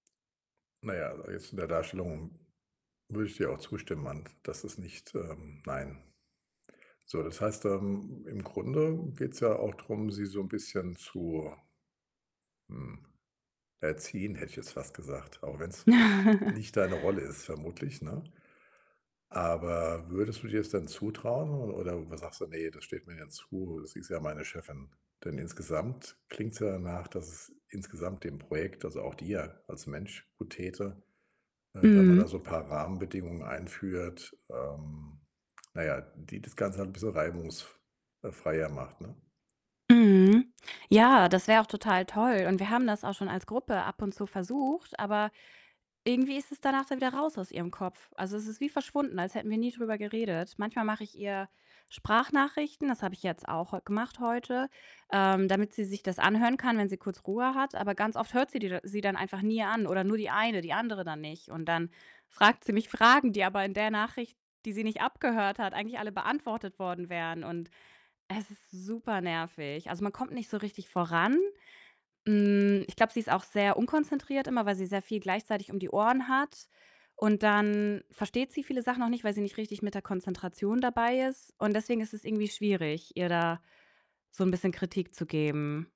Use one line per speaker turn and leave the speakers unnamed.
Na ja, jetzt in der Darstellung würde ich dir auch zustimmen ant dass es nicht, ähm nein. So, das heißt, ähm, im Grunde geht's ja auch drum, sie so 'n bisschen zu hm, erziehen, hätte ich jetzt fast gesagt, auch wenn's nicht deine Rolle ist vermutlich, ne? Aber würdest du dir das denn zutrauen, oder oder sagst du: „Ne, das steht mir ja zu, sie ist ja meine Chefin.“ Denn insgesamt klingt's ja danach, dass es insgesamt dem Projekt, also auch dir als Mensch, gut täte, äh, wenn man da
Mhm.
so paar Rahmenbedingungen einführt, ähm, na ja, die das Ganze halt 'n bissel reibungsf äh, freier macht, ne?
Mhm. Ja, das wäre auch total toll, und wir haben das auch schon als Gruppe ab und zu versucht, aber irgendwie ist es danach dann wieder raus aus ihrem Kopf. Also, es ist wie verschwunden, als hätten wir nie drüber geredet. Manchmal mache ich ihr Sprachnachrichten, das habe ich jetzt auch heu gemacht heute, ähm, damit sie sich das anhören kann, wenn sie kurz Ruhe hat. Aber ganz oft hört sie die da sie dann einfach nie an, oder nur die eine, die andere dann nicht und dann fragt sie mich Fragen die aber in der Nachricht, die sie nicht abgehört hat, eigentlich alle beantwortet worden wären, und es ist super nervig. Also, man kommt nicht so richtig voran. Hm, ich glaube, sie ist auch sehr unkonzentriert immer, weil sie sehr viel gleichzeitig um die Ohren hat und dann versteht sie viele Sachen auch nicht, weil sie nicht richtig mit der Konzentration dabei ist und deswegen ist es irgendwie schwierig, ihr da so 'n bisschen Kritik zu geben.